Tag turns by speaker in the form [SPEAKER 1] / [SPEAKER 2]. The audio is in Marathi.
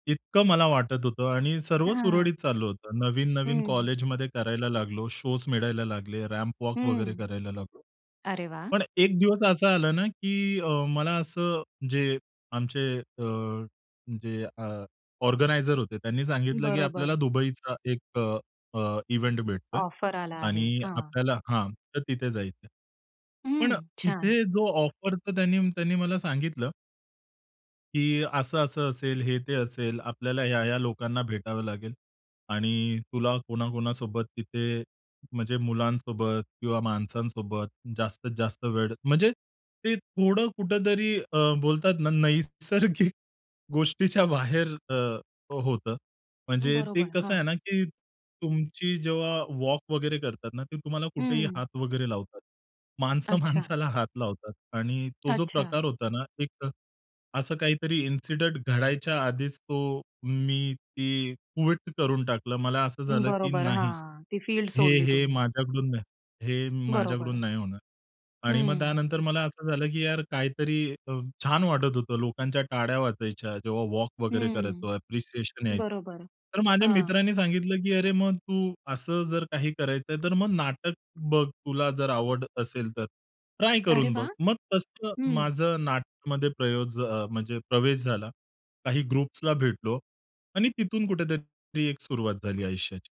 [SPEAKER 1] इतकं मला वाटत होतं आणि सर्व
[SPEAKER 2] हां.
[SPEAKER 1] सुरळीत चालू होतं. नवीन-नवीन
[SPEAKER 2] हं.
[SPEAKER 1] कॉलेजमध्ये करायला लागलो, शोज मिळायला लागले, रॅम्पवॉक वगैरे
[SPEAKER 2] हं.
[SPEAKER 1] करायला लागलो.
[SPEAKER 2] अरे वाह!
[SPEAKER 1] पण एक दिवस असं आलं ना, की अ, मला असं जे आमचे अ, जे अ, ऑर्गनायझर होते त्यांनी सांगितलं की आपल्याला
[SPEAKER 2] बरोबर.
[SPEAKER 1] दुबईचा एक अ, इव्हेंट भेटतोय
[SPEAKER 2] ऑफर आला आहे,
[SPEAKER 1] आणि
[SPEAKER 2] हां.
[SPEAKER 1] आपल्याला हां तर तिथे जायचं.
[SPEAKER 2] हं,
[SPEAKER 1] पण
[SPEAKER 2] छान.
[SPEAKER 1] तिथे जो ऑफर तर त्यांनी त्यांनी मला सांगितलं. की असं, असं असेल, हे ते असेल, आपल्याला ह्या-ह्या लोकांना भेटावं लागेल आणि तुला कोणा-कोणासोबत तिथे म्हणजे मुलांसोबत किंवा माणसांसोबत जास्तीत जास्त वेळ म्हणजे ते थोडं कुठेतरी अ, बोलतात ना नैसर्गिक गोष्टीच्या बाहेर अ, होतं. म्हणजे ते
[SPEAKER 2] बरोबर,
[SPEAKER 1] कसं
[SPEAKER 2] हां.
[SPEAKER 1] आहे ना, की तुमची जेव्हा वॉक वगैरे करतात ना, ते तुम्हाला कुठेही
[SPEAKER 2] हं.
[SPEAKER 1] हात वगैरे लावतात. माणसं
[SPEAKER 2] अच्छा.
[SPEAKER 1] माणसाला हात लावतात आणि तो जो
[SPEAKER 2] अच्छा.
[SPEAKER 1] प्रकार होता ना, एक असं काहीतरी इन्सिडंट घडायच्या आधीच तो मी ती क्विट करून टाकलं. मला असं झालं की
[SPEAKER 2] बरोबर,
[SPEAKER 1] नाही.
[SPEAKER 2] हां. ती फील्ड
[SPEAKER 1] हे,
[SPEAKER 2] सोडली
[SPEAKER 1] हे
[SPEAKER 2] तुम्ही.
[SPEAKER 1] माझ्याकडुन नाही, हे माझ्याकडून
[SPEAKER 2] बरोबर.
[SPEAKER 1] नाही होणार आणि मग
[SPEAKER 2] हं.
[SPEAKER 1] त्यानंतर मला अस झाल की यार काही तरी अ, छान वाटत होतं. लोकांच्या टाळ्या वाजायच्या जेव्हा वॉक वगैरे
[SPEAKER 2] हं.
[SPEAKER 1] करायचो ऍप्रिसिएशन यायचं.
[SPEAKER 2] बरोबर,
[SPEAKER 1] तर माझ्या
[SPEAKER 2] हां.
[SPEAKER 1] मित्रांनी सांगितलं की "अरे मग तू अस जर काही करायचं आहे तर मग नाटक बघ तुला जर आवड असेल तर, ट्राय
[SPEAKER 2] अरे
[SPEAKER 1] करून बघ."
[SPEAKER 2] वाह!
[SPEAKER 1] मग तसं
[SPEAKER 2] हं.
[SPEAKER 1] माझ नाटकमध्ये प्रयोग प्रवेश म्हणजे प्रवेश झाला. काही ग्रुप्सला भेटलो आणि तिथून कुठे तरी एक सुरुवात झाली आयुष्याची.